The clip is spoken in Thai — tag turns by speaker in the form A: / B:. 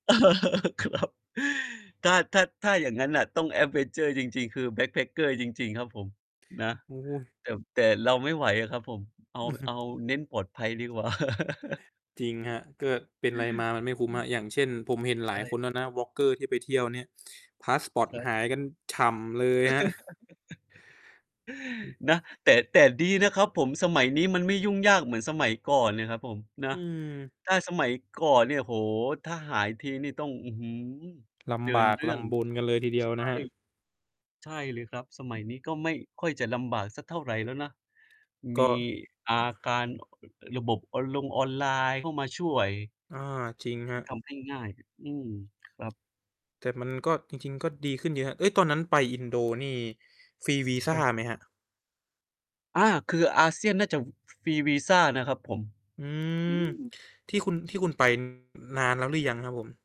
A: ครับ ถ้า ถ้า ถ้าอย่างงั้นน่ะต้อง แอดเวนเชอร์ จริง ๆ คือ Backpacker จริง ๆ ครับ ผม นะ
B: โอ้โฮ
A: แต่บ แต่เราไม่ไหวอะครับ ผม เอา
B: อือฮึ
A: เอาเน้นปลอดภัยดีกว่า
B: จริงครับ ก็เป็นไร มามันไม่คุ้มครับ อย่างเช่น ผมเห็น
A: ใ
B: ห
A: ช
B: ลายค
A: ่
B: นแล้วนะ Vlogger ที่ไปเที่ยวเนี่ย พาสปอร์ต
A: ครับ
B: หายกันฉ่ำเลยครับ
A: นะ แต่ แต่ดีนะครับ ผม สมัยนี้มันไม่ยุ่งยากเหมือนสมัยก่อนเนี่ยครับผม นะ
B: อืม
A: ถ้าสมัยก่อนเนี่ย โอ้โฮ ถ้าหายทีนี่ต้อง อื้อฮือ
B: ล
A: เดิ
B: ำบ
A: น
B: าก
A: เรื่
B: ล
A: อง
B: ำบนกันเลยทีเดียว
A: ใช
B: น
A: ่
B: ะครับ
A: ใช่เลยครับ สมัย นี้ก็ไม่ค่อยจะลำบากสักเท่าไรแล้วนะ
B: ก
A: มี
B: ็
A: อาการ ระบบออนลงออนไลน์เข้ามาช่วย
B: อา จริงครั
A: ท
B: บ
A: ำให้ง่ายเนี่ย อืม ครับ
B: แต่มัน ก็ จริง ๆ ก็ดีขึ้นเยอะครับ เฮ้ย ตอนนั้นไปอินโดนี่ ฟรีวีซ
A: ค
B: า
A: รับ
B: ไหมครับ?
A: อา คือ ASEAN น่าจะฟรีวีซานะครับผม
B: อื
A: อ
B: ม
A: ือ
B: ที่คุณ ที่คุณไป นานแล้วหรือยังครับผม?